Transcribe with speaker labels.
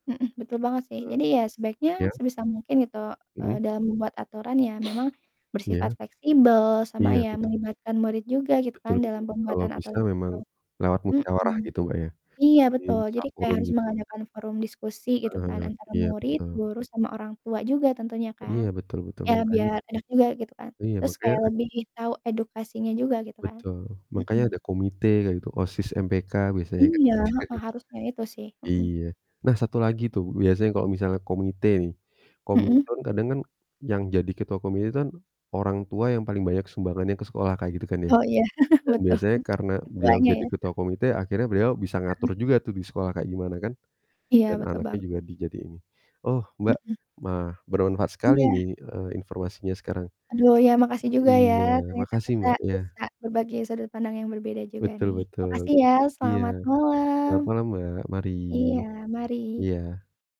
Speaker 1: Mhm, betul banget sih,
Speaker 2: Eee,
Speaker 1: jadi ya, sebaiknya
Speaker 2: iya.
Speaker 1: sebisa mungkin gitu, eee,
Speaker 2: Mhm.
Speaker 1: dalam membuat aturan ya memang bersifat
Speaker 2: Iya.
Speaker 1: fleksibel, sama
Speaker 2: Iya,
Speaker 1: ya
Speaker 2: betu
Speaker 1: melibatkan murid juga gitu kan,
Speaker 2: Betul gitu,
Speaker 1: dalam
Speaker 2: kalau
Speaker 1: pembuatan
Speaker 2: bisa
Speaker 1: aturan
Speaker 2: memang
Speaker 1: itu.
Speaker 2: lewat
Speaker 1: Mhm,
Speaker 2: musyawarah gitu Mbak ya,
Speaker 1: iya betul, jadi kayak
Speaker 2: disakurin
Speaker 1: harus
Speaker 2: gitu.
Speaker 1: mengadakan forum diskusi gitu
Speaker 2: Heeh
Speaker 1: kan,
Speaker 2: heeh,
Speaker 1: antara
Speaker 2: iya
Speaker 1: murid,
Speaker 2: betul.
Speaker 1: guru sama orang tua juga tentunya kan.
Speaker 2: Iya betul betul,
Speaker 1: Ya,
Speaker 2: makanya
Speaker 1: biar enak juga gitu kan,
Speaker 2: iya
Speaker 1: terus
Speaker 2: makanya
Speaker 1: kayak lebih tahu edukasinya juga, gitu kan,
Speaker 2: Betul, makanya
Speaker 1: mhm.
Speaker 2: ada komite kayak gitu. OSIS, MPK biasanya kan,
Speaker 1: Iya, heeh, harusnya itu sih, mhm.
Speaker 2: iya. Nah satu lagi tuh, biasanya kalau komite nih,
Speaker 1: Mhm.
Speaker 2: komite kadang kan yang jadi ketua komite itu kan, orang tua yang paling banyak sumbangan ke sekolah, kayak gitu kan ya.
Speaker 1: Oh iya,
Speaker 2: Dan
Speaker 1: betul.
Speaker 2: biasanya karena beliau
Speaker 1: Ketuanya
Speaker 2: jadi
Speaker 1: ya?
Speaker 2: ketua komite akhirnya beliau bisa ngatur
Speaker 1: Heeh.
Speaker 2: juga tuh di sekolah kayak gimana kan,
Speaker 1: Iya
Speaker 2: dan
Speaker 1: betul
Speaker 2: anaknya
Speaker 1: banget.
Speaker 2: juga dijadiin nih, oh Mbak
Speaker 1: Mhm.
Speaker 2: mah bermanfaat sekali
Speaker 1: Iya.
Speaker 2: ini, eee, informasinya sekarang.
Speaker 1: Aduh ya, makasih juga ya,
Speaker 2: Iya,
Speaker 1: ternyata
Speaker 2: makasih
Speaker 1: kita
Speaker 2: Mbak ya.
Speaker 1: bisa berbagi sudut pandang yang berbeda juga
Speaker 2: Betul
Speaker 1: nih.
Speaker 2: betul,
Speaker 1: Makasih ya,
Speaker 2: iya.
Speaker 1: selamat malam.
Speaker 2: Selamat malam Mbak mari,
Speaker 1: Iya, mari.
Speaker 2: iya.